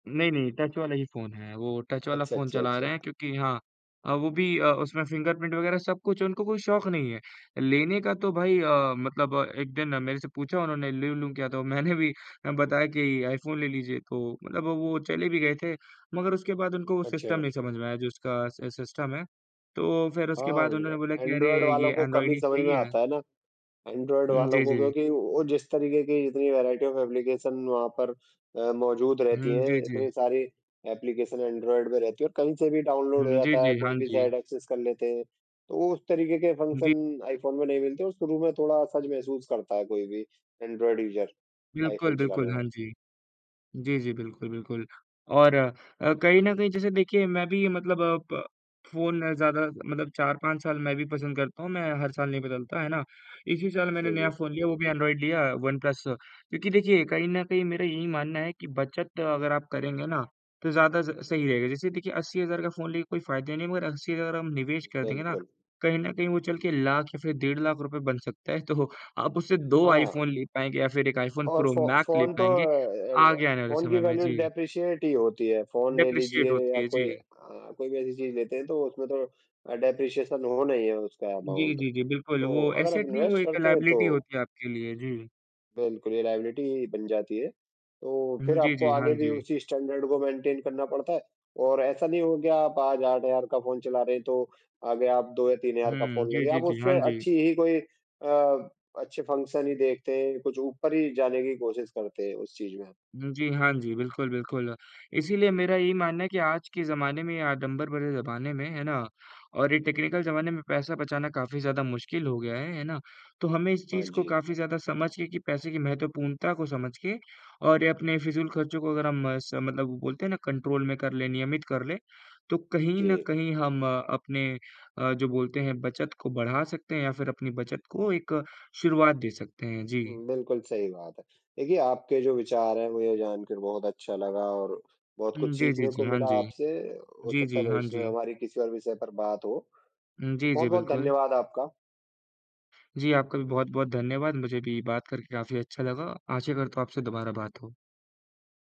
नहीं, नहीं, टच वाला ही फ़ोन है। वो टच वाला अच्छा, फ़ोन अच्छा, चला अच्छा। रहे हैं, क्योंकि हाँ अ, वो भी अ, उसमें फिंगरप्रिंट वग़ैरह सब कुछ है, उनको कोई शौक नहीं है लेने का। तो भाई अ, मतलब एक दिन मेरे से पूछा उन्होंने, "ले लूँ क्या?" तो मैंने भी अ, बताया कि, "आईफ़ोन ले लीजिए।" तो मतलब वो वो चले भी गए थे। मगर उसके बाद उनको सिस्टम अच्छा। नहीं समझ में आया, जो इसका स सिस्टम है। तो फिर उसके बाद हाँ, उन्होंने बोला कि, "अरे! ऐन्ड्रॉइड ये वालों को कम ऐन्ड्रॉइड ही ही समझ सही में है।" आता है ना, ऐन्ड्रॉइड हुँ, वालों जी, को, जी। क्योंकि वो जिस तरीके की जितनी वैरायटी ऑफ़ एप्लीकेशन वहाँ पर अ, मौजूद रहती हुँ, हैं, जी, जी। इतनी सारी एप्लीकेशन ऐन्ड्रॉइड में रहती हैं और कहीं से भी डाउनलोड हुँ, हो जी, जाता है, जी, हाँ कोई भी जी। साइट एक्सेस कर लेते हैं। तो उस तरीके के जी। फ़ंक्शन आईफ़ोन में नहीं मिलते और शुरू में थोड़ा असहज महसूस करता है कोई भी ऐन्ड्रॉइड यूज़र बिल्कुल, आईफ़ोन चलाने बिल्कुल, में। हाँ जी। जी, जी, बिल्कुल, बिल्कुल। और अ, कहीं न कहीं, जैसे देखिए, मैं भी मतलब प फ़ोन ज़्यादा मतलब 4-5 साल मैं भी पसंद करता हूँ, मैं हर साल नहीं बदलता। है ना? इसी साल मैंने जी, नया जी। फ़ोन लिया, वो भी ऐन्ड्रॉइड लिया, वनप्लस। क्योंकि देखिए, कहीं न कहीं मेरा यही मानना है कि बचत अगर आप करेंगे ना, तो ज़्यादा स सही रहेगा। जैसे देखिए, 80,000 का फ़ोन लेके कोई फ़ायदा नहीं, मगर 80,000 हम निवेश कर देंगे ना, बिल्कुल। कहीं न कहीं वो चल के लाख या फिर डेढ़ लाख रुपए बन सकता है। तो आप उससे 2 हाँ। आईफ़ोन ले पाएँगे या फिर एक आईफ़ोन और प्रो फ़ो मैक्स ले फ़ोन तो पाएँगे, अ, एर आगे आने वाले फ़ोन की समय में। वैल्यू जी। डेप्रिशिएट ही होती है। फ़ोन ले डेप्रिशिएट लीजिए होती या है, कोई जी। अ, कोई भी ऐसी चीज़ लेते हैं, तो उसमें तो अ, डेप्रिशिएशन होना ही है उसका जी, अमाउंट। जी, जी, बिल्कुल, तो वो अगर आप ऐसेट नहीं, वो इन्वेस्ट एक करते हैं, लाएबिलिटी तो होती है आपके लिए। जी। बिल्कुल, ये लाएबिलिटी ही बन जाती है। तो हुँ, फिर जी, आपको जी, हाँ आगे भी जी। उसी स्टैन्डर्ड को मेन्टेन करना पड़ता है, और ऐसा नहीं हो गया, आप आज 8000 का फ़ोन चला रहे हैं, तो आगे आप 2 या 3000 का हुँ, फ़ोन जी, लेंगे। जी, आप जी। हाँ उससे जी। अच्छी ही कोई अ, अच्छे फंक्शन ही देखते हैं। कुछ ऊपर ही जाने की कोशिश करते हैं उस चीज़ में हम। हुँ जी, हाँ जी, बिल्कुल, बिल्कुल। इसीलिए मेरा यही मानना है कि आज के ज़माने में या आडंबर भरे ज़माने में, है ना, और ये टेक्निकल ज़माने में पैसा बचाना काफ़ी ज़्यादा मुश्किल हो गया है। है ना? तो हमें इस हाँ चीज़ को जी। काफ़ी ज़्यादा समझ के कि पैसे की महत्वपूर्णता को समझ के, और ये अपने फ़िज़ूल खर्चों को अगर हम मस मतलब बोलते हैं ना, कन्ट्रोल में कर लें, नियमित कर लें, तो कहीं न जी। कहीं हम अपने अ, जो बोलते हैं, बचत को बढ़ा सकते हैं या फिर अपनी बचत को एक शुरुआत दे सकते हैं। जी। बिल्कुल सही बात है। देखिए, आपके जो विचार हैं, मुझे जानकर बहुत अच्छा लगा और बहुत हुँ, कुछ जी, जी, सीखने जी, को हाँ मिला जी। आपसे। हो जी, सकता जी, है, हाँ भविष्य में जी। हमारी किसी और विषय पर बात हो। उम, जी, जी, बहुत-बहुत बिल्कुल। धन्यवाद आपका। जी, आपका भी बहुत-बहुत धन्यवाद। मुझे भी बात करके काफ़ी अच्छा लगा। आशा करता हूँ, आपसे दोबारा बात हो।